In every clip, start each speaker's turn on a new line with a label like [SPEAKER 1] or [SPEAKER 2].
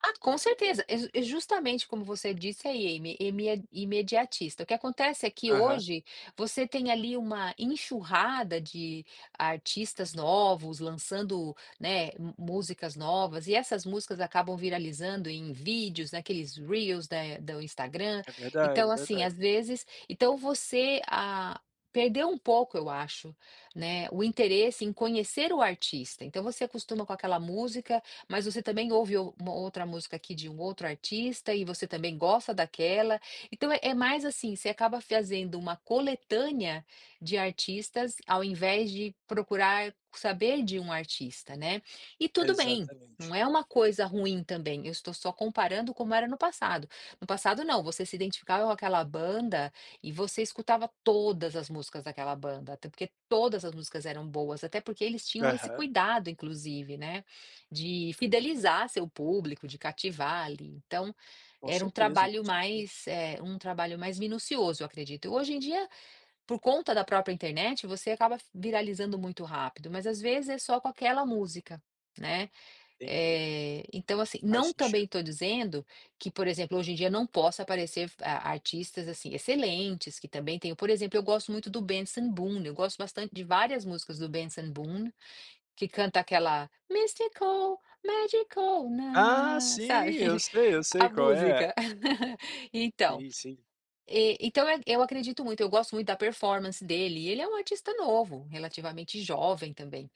[SPEAKER 1] Ah, com certeza. E ju e justamente como você disse aí, é ime é imediatista. O que acontece é que
[SPEAKER 2] Aham.
[SPEAKER 1] hoje você tem ali uma enxurrada de artistas novos, lançando, né, mu músicas novas e essas músicas acabam viralizando em vídeos, naqueles reels eh, do Instagram.
[SPEAKER 2] É verdade
[SPEAKER 1] Então
[SPEAKER 2] é
[SPEAKER 1] assim, às
[SPEAKER 2] verdade.
[SPEAKER 1] vezes, então você, ah, perdeu um pouco, eu acho, né, o interesse em conhecer o artista. Então você acostuma com aquela música, mas você também ouve um uma outra música aqui de um outro artista e você também gosta daquela. Então é mais assim, você acaba fazendo uma coletânea de artistas ao invés de procurar saber de um artista, né. E tudo bem,
[SPEAKER 2] Exatamente.
[SPEAKER 1] não é uma coisa ruim também, eu estou só comparando como era no passado. No passado não, você se identificava com aquela banda e você escutava todas as músicas daquela banda, até porque todas as músicas eram boas, até porque eles tinham esse
[SPEAKER 2] Aham.
[SPEAKER 1] cuidado inclusive, né, de fidelizar seu público, de cativar ali. Então,
[SPEAKER 2] Com
[SPEAKER 1] era um
[SPEAKER 2] certeza
[SPEAKER 1] trabalho
[SPEAKER 2] com certeza.
[SPEAKER 1] mais, eh, um trabalho mais minucioso, eu acredito. Hoje em dia, por conta da própria internet, você acaba viralizando muito rápido, mas às vezes é só com aquela música, né,
[SPEAKER 2] Entendi.
[SPEAKER 1] eh, então assim,
[SPEAKER 2] Faz
[SPEAKER 1] não também
[SPEAKER 2] sentido.
[SPEAKER 1] estou dizendo que por exemplo hoje em dia não possa aparecer ar artistas assim excelentes que também tenham, por exemplo eu gosto muito do Benson Boom, eu gosto bastante de várias músicas do Benson Boom, que canta aquela mistical, magical
[SPEAKER 2] Ah
[SPEAKER 1] nana,
[SPEAKER 2] sim!
[SPEAKER 1] sabe.
[SPEAKER 2] Eu sei, eu
[SPEAKER 1] A
[SPEAKER 2] sei qual é.
[SPEAKER 1] música. Então
[SPEAKER 2] Sim sim.
[SPEAKER 1] então eu acredito muito, eu gosto muito da performance dele e ele é um artista novo, relativamente jovem também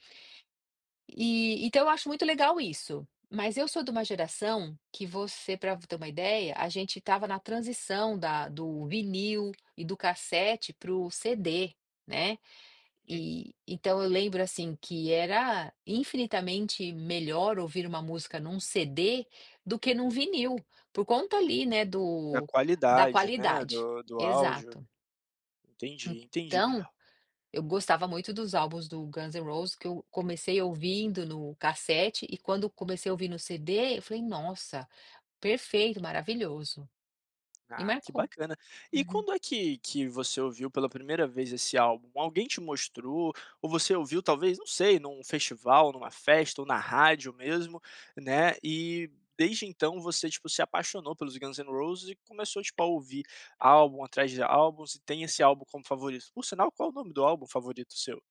[SPEAKER 1] eh, então eu acho muito legal isso. Mas eu sou de uma geração que você pra ter uma ideia, a gente estava na transição da do vinil e do cassete pro CD, né.
[SPEAKER 2] Hum.
[SPEAKER 1] E, então eu lembro, assim, que era infinitamente melhor ouvir uma música num CD do que num vinil, por conta ali, né,
[SPEAKER 2] Da
[SPEAKER 1] do da
[SPEAKER 2] qualidade né,
[SPEAKER 1] qualidade.
[SPEAKER 2] do do áudio.
[SPEAKER 1] Exato.
[SPEAKER 2] Entendi entendi
[SPEAKER 1] Então, eu gostava muito dos álbuns do Guns N' Roses que eu comecei ouvindo no cassete e quando comecei a ouvir no CD eu falei, nossa, perfeito, maravilhoso. E
[SPEAKER 2] Ah, que
[SPEAKER 1] marcou.
[SPEAKER 2] bacana. E
[SPEAKER 1] Uhum.
[SPEAKER 2] quando é que que você ouviu pela primeira vez esse álbum, alguém te mostrou ou você ouviu talvez não sei num festival, numa festa ou na rádio mesmo, né, e desde então você tipo se apaixonou pelos Guns N' Roses e começou a tipo a ouvir álbum atrás de álbuns e tem esse álbum como favorito Por sinal qual o nome do álbum favorito seu?